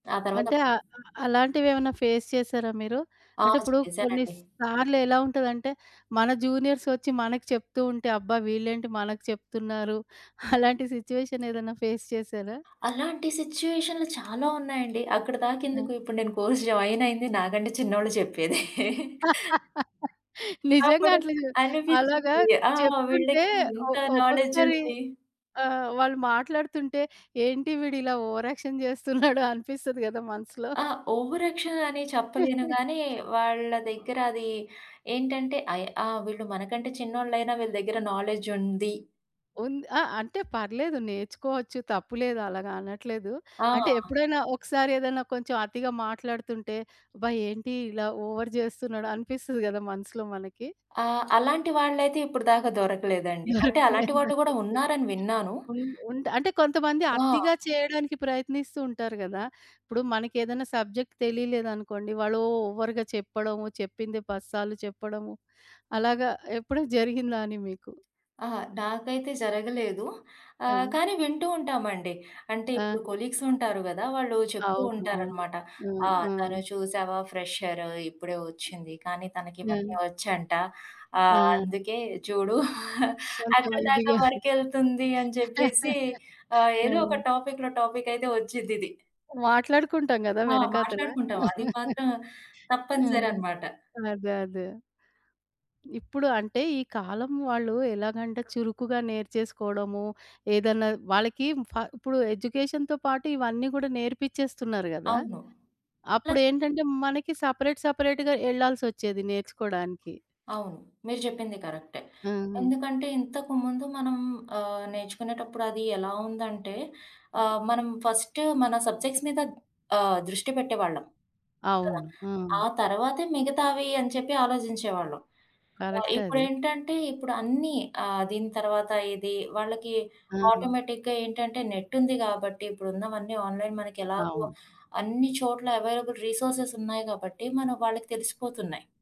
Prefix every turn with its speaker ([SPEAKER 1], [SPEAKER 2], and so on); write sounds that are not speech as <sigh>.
[SPEAKER 1] ఆ తరవాత
[SPEAKER 2] అంటే ఆహ్, ఆహ్, అలాంటివేవన్నా ఫేస్ చేశారా మీరు?
[SPEAKER 1] ఆ
[SPEAKER 2] అంటే, ఇప్పుడు కొన్ని
[SPEAKER 1] చేశానండి.
[SPEAKER 2] సార్లు ఎలా ఉంటదంటే మన జూనియర్సొచ్చి మనకి చెప్తూ ఉంటే, అబ్బా! వీళ్ళేంటి మనకి చెప్తున్నారు? <chuckles> అలాంటి సిట్యుయేషన్ ఏదన్నా ఫేస్ చేశారా?
[SPEAKER 1] అలాంటి సిట్యుయేషనులు చాల ఉన్నాయండి.
[SPEAKER 2] ఆ!
[SPEAKER 1] అక్కడిదాకెందుకు, ఇప్పుడు నేను కోర్స్ జాయినయింది నాకంటే చిన్నోళ్ళు చెప్పేదే. <chuckles>
[SPEAKER 2] <laughs> నిజంగా
[SPEAKER 1] అప్పుడు
[SPEAKER 2] అట్లాగే అలాగా
[SPEAKER 1] అనిపిచ్చింది. ఆ!
[SPEAKER 2] చెప్తుంటే
[SPEAKER 1] వీళ్ళకి
[SPEAKER 2] ఒ
[SPEAKER 1] ఇంత నాలెడ్జ్
[SPEAKER 2] ఒక్కొక్కసారి
[SPEAKER 1] ఉంది.
[SPEAKER 2] ఆహ్, వాళ్ళు మాట్లాడుతుంటే, ఏంటి వీడు ఇలా ఓవర్ యాక్షన్ జేస్తున్నాడు. <chuckles> అనిపిస్తది గదా! మనసులో?
[SPEAKER 1] ఆ! ఓవర్ యాక్షన్ అని చెప్పలేను గాని,
[SPEAKER 2] <chuckles>
[SPEAKER 1] వాళ్ళ దగ్గర అది ఏంటంటే. అయ్ ఆ! వీళ్ళు మనకంటే చిన్నోళ్లయినా, వీళ్ళ దగ్గర నాలెడ్జ్ ఉంది.
[SPEAKER 2] ఉంది. ఆ! అంటే, పర్లేదు నేర్చుకోవచ్చు. తప్పులేదు. అలాగా అనట్లేదు.
[SPEAKER 1] ఆ!
[SPEAKER 2] అంటే ఎప్పుడైనా ఒకసారి ఏదన్నా కొంచెం అతిగా మాట్లాడుతుంటే, అబ్బా! ఏంటి ఇలా ఓవర్ జేస్తున్నాడు. అనిపిస్తది గదా! మనసులో మనకి?
[SPEAKER 1] ఆహ్, అలాంటి వాళ్ళయితే ఇప్పుడు దాకా దొరకలేదండి. అంటే, అలాంటి
[SPEAKER 2] దొరకలేదా?
[SPEAKER 1] వాళ్ళు గూడా
[SPEAKER 2] ఓకే. ఓకే.
[SPEAKER 1] ఉన్నారని విన్నాను.
[SPEAKER 2] ఉండ్ ఉంట్ అంటే కొంతమంది
[SPEAKER 1] ఆ!
[SPEAKER 2] అతిగా చేయడానికి ప్రయత్నిస్తూ ఉంటారు గదా! ఇప్పుడు మనకేదన్నా సబ్జెక్టు తెలియలేదనుకోండి, వాళ్ళు ఓవర్‌గా చెప్పడము. చెప్పిందే పది సార్లు చెప్పడము. అలాగా ఎప్పుడనా జరిగిందా అని మీకు?
[SPEAKER 1] అహా! నాకైతే జరగలేదు. ఆహ్,
[SPEAKER 2] ఆ!
[SPEAKER 1] కానీ వింటూ ఉంటామండి. అంటే ఇప్పుడు
[SPEAKER 2] ఆ!
[SPEAKER 1] కొలీగ్స్ ఉంటారు గదా! వాళ్ళు చెప్తూ
[SPEAKER 2] అవును. అవును.
[SPEAKER 1] ఉంటారన్నమాట.
[SPEAKER 2] హ్మ్.
[SPEAKER 1] "ఆ!
[SPEAKER 2] హ్మ్.
[SPEAKER 1] తను చూశావా, ఫ్రెషర్ ఇప్పుడే ఒచ్చింది. కానీ, తనకి
[SPEAKER 2] హ్మ్.
[SPEAKER 1] ఇవన్నీ వచ్చంట. ఆహ్,
[SPEAKER 2] ఆ!
[SPEAKER 1] అందుకే చూడు <chuckles>
[SPEAKER 2] కొంచెం
[SPEAKER 1] అక్కడి దాకా
[SPEAKER 2] ఇదిగా
[SPEAKER 1] వర్క్ ఎళ్తుంది." అని జెప్పేసి
[SPEAKER 2] <chuckles>
[SPEAKER 1] ఆహ్, ఏదో ఒక
[SPEAKER 2] ఆ!
[SPEAKER 1] టాపిక్‌లో టాపికయితే ఒచ్చిద్దిది.
[SPEAKER 2] మాట్లాడుకుంటాం గదా!
[SPEAKER 1] ఆ!
[SPEAKER 2] వెనకాతల.
[SPEAKER 1] మాట్లాడుకుంటాం. అది మాత్రం
[SPEAKER 2] <chuckles> హ్మ్.
[SPEAKER 1] తప్పనిసరన్నమాట.
[SPEAKER 2] అదే. అదే. ఇప్పుడు అంటే ఈ కాలం వాళ్ళు ఎలాగంటే, చురుకుగా నేర్చేసుకోవడము. ఏదన్నా వాళ్ళకి ఫ ఇప్పుడు ఎడ్యుకేషన్‌తో పాటు ఇవన్నీ గూడా నేర్పిచ్చేస్తున్నారు గదా!
[SPEAKER 1] అవును. ప్లస్
[SPEAKER 2] అప్పుడేంటంటే, మనకి సెపరేట్ సెపరేట్‌గా ఎల్లాల్సొచ్చేది నేర్చుకోవడానికి.
[SPEAKER 1] అవును. మీరు జెప్పింది కరక్టే.
[SPEAKER 2] హుహు.
[SPEAKER 1] ఎందుకంటే, ఇంతకు ముందు మనం ఆహ్, నేర్చుకునేటప్పుడు అది ఎలా ఉందంటే,
[SPEAKER 2] హ్మ్.
[SPEAKER 1] ఆహ్, మనం ఫస్ట్ మన సబ్జెక్ట్స్ మీద ఆహ్, దృష్టి బెట్టేవాళ్ళం. కదా!
[SPEAKER 2] అవును. ఆ!
[SPEAKER 1] ఆ తరవాతే మిగతావి అని చెప్పి ఆలోజించేవాళ్ళం. కదా!
[SPEAKER 2] కరెక్టది.
[SPEAKER 1] ఇప్పుడేంటంటే ఇప్పుడు అన్నీ, ఆహ్, దీని తర్వాత ఇది. వాళ్ళకి
[SPEAKER 2] ఆ!
[SPEAKER 1] ఆటోమేటిక్‌గా ఏంటంటే, నెట్ ఉంది గాబట్టి, ఇప్పుడు ఉన్నవన్నీ ఆన్‌లైన్ మనకెలాగు
[SPEAKER 2] అవును.
[SPEAKER 1] అన్ని చోట్ల అవైలబుల్ రిసోర్సెస్ ఉన్నాయి గాబట్టి, మనం వాళ్ళకి తెలిసిపోతున్నయి.